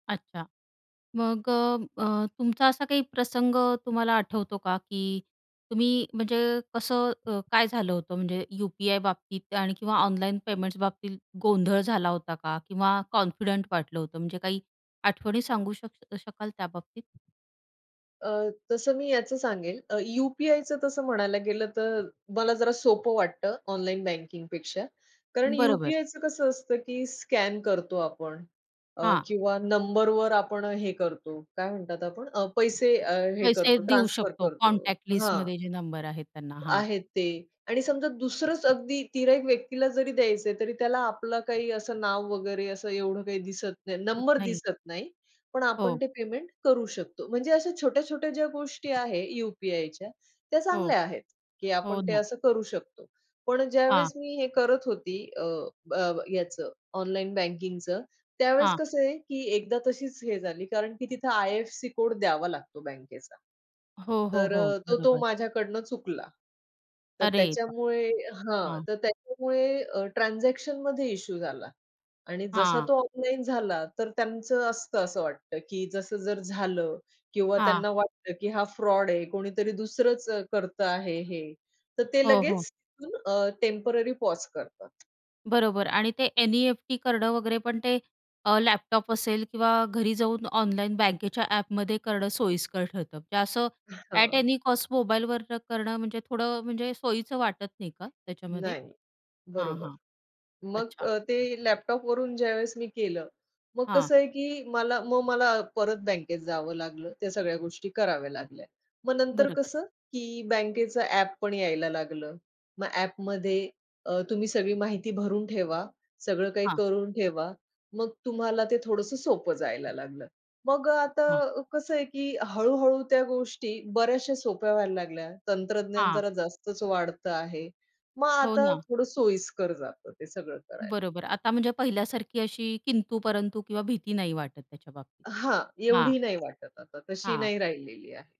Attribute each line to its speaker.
Speaker 1: अच्छा. मग अ, अ, तुमचा असा काही प्रसंग तुम्हाला आठवतो का की तुम्ही, म्हणजे कसं अ, काय झालं होतं, म्हणजे यू-पी-आयबाबतीत आणि किंवा ऑनलाईन पेमेंट्सबाबतीत गोंधळ झाला होता का किंवा कॉन्फिडंट वाटलं होतं. म्हणजे काही आठवणी सांगू शक शकाल त्याबाबतीत?
Speaker 2: अ, तसं मी याचं सांगेल अ, यू-पी-आयचं तसं म्हणायला गेलंतर मला जरा सोपं वाटतं ऑनलाईन बँकिंगपेक्षा. कारण
Speaker 1: बरोबर.
Speaker 2: यू-पी-आयचं कसं असतं की स्कॅन करतो आपण अ,
Speaker 1: हां.
Speaker 2: किंवा नंबरवर आपण हे करतो, काय म्हणतात आपण, पैसे अ, हे
Speaker 1: पैसे
Speaker 2: करतो,
Speaker 1: देऊ
Speaker 2: ट्रान्सफर
Speaker 1: शकतो
Speaker 2: करतो.
Speaker 1: कॉन्टॅक्ट
Speaker 2: हां.
Speaker 1: लिस्टमध्ये जे नंबर आहेत त्यांना. हां.
Speaker 2: आहेत ते. आणि समजा दुसरंच अगदी तिर्‍हाईत व्यक्तीला जरी द्यायचंय, तरी त्याला आपलं काही असं नाव वगैरे असं एवढं काही दिसत नाही,
Speaker 1: होत
Speaker 2: नंबर
Speaker 1: नाही.
Speaker 2: दिसत नाही. पण आपण
Speaker 1: हो.
Speaker 2: ते पेमेंट करू शकतो. म्हणजे अशा छोट्या-छोट्या ज्या गोष्टी आहे यू-पी-आयच्या त्या
Speaker 1: हो.
Speaker 2: चांगल्या आहेत की
Speaker 1: हो
Speaker 2: आपण ते
Speaker 1: ना.
Speaker 2: असं करू शकतो. पण अ,
Speaker 1: हां.
Speaker 2: ज्यावेळेस मी हे करत होती, अ, अ, याचं ऑनलाईन बँकिंगचं. त्यावेळेस
Speaker 1: हां.
Speaker 2: कसं आहे, की एकदा तशीच हे झाली, कारण की तिथे आय-एफ-सी कोड द्यावा लागतो बँकेचा.
Speaker 1: हो, हो,
Speaker 2: तर
Speaker 1: हो,
Speaker 2: अ, तो तो
Speaker 1: बरोबर.
Speaker 2: माझ्याकडून चुकला. तर
Speaker 1: अरे बापरे!
Speaker 2: त्याच्यामुळे हां,
Speaker 1: हां.
Speaker 2: तर त्याच्यामुळे अ, ट्रान्झॅक्शनमध्ये इश्यू झाला आणि जसा
Speaker 1: हां.
Speaker 2: तो ऑनलाईन झाला तर त्यांचं असतं, असं वाटतं, की जसं जर झालं किंवा
Speaker 1: हां.
Speaker 2: त्यांना वाटतं की हा फ्रॉड आहे. कोणीतरी दुसरंच अ, करतं आहे. हे तर ते
Speaker 1: हो, हो.
Speaker 2: लगेच तिथून अ, टेम्पररी पाॅज करतात.
Speaker 1: बरोबर. आणि ते एन-ई-एफ-टी करणं वगैरे, पण ते अ, लॅपटॉप असेल किंवा घरी जाऊन ऑनलाईन बँकेच्या ॲपमध्ये करणं सोयीस्कर ठरतं. म्हणजे असं ॲट
Speaker 2: हां.
Speaker 1: एनी कॉस्ट मोबाईलवर करणं म्हणजे थोडं म्हणजे सोयीचं वाटत नाही का त्याच्यामध्ये?
Speaker 2: नाही.
Speaker 1: हां,
Speaker 2: बरोबर.
Speaker 1: हां.
Speaker 2: मग
Speaker 1: अच्छा.
Speaker 2: अ, ते लॅपटॉपवरून ज्यावेळेस मी केलं मग
Speaker 1: हां.
Speaker 2: कसं आहे की मला मग मला परत बँकेत जावं लागलं. त्या सगळ्या गोष्टी कराव्या लागल्या. मग नंतर
Speaker 1: बरोबर.
Speaker 2: कसं, की बँकेचं ॲप पण यायला लागलं. मग ॲपमध्ये अ, तुम्ही सगळी माहिती भरून ठेवा. सगळं काही
Speaker 1: हां.
Speaker 2: करून ठेवा. मग तुम्हाला ते थोडंसं सोपं जायला लागलं. मग अ,
Speaker 1: हां.
Speaker 2: आता कसं आहे की हळू-हळू त्या गोष्टी बऱ्याचश्या सोप्या व्हायला लागल्या. तंत्रज्ञान
Speaker 1: हां.
Speaker 2: जरा जास्तच वाढतं आहे. मग
Speaker 1: हो
Speaker 2: आता
Speaker 1: ना.
Speaker 2: थोडं सोयीस्कर जातं ते सगळं करायला.
Speaker 1: बरोबर. आता म्हणजे पहिल्यासारखी अशी किंतु-परंतू किंवा भीती नाही वाटत त्याच्याबाबतीत.
Speaker 2: हां,
Speaker 1: हां.
Speaker 2: एवढी नाही वाटत आता. तशी
Speaker 1: हां.
Speaker 2: नाही राहिलेली आहे.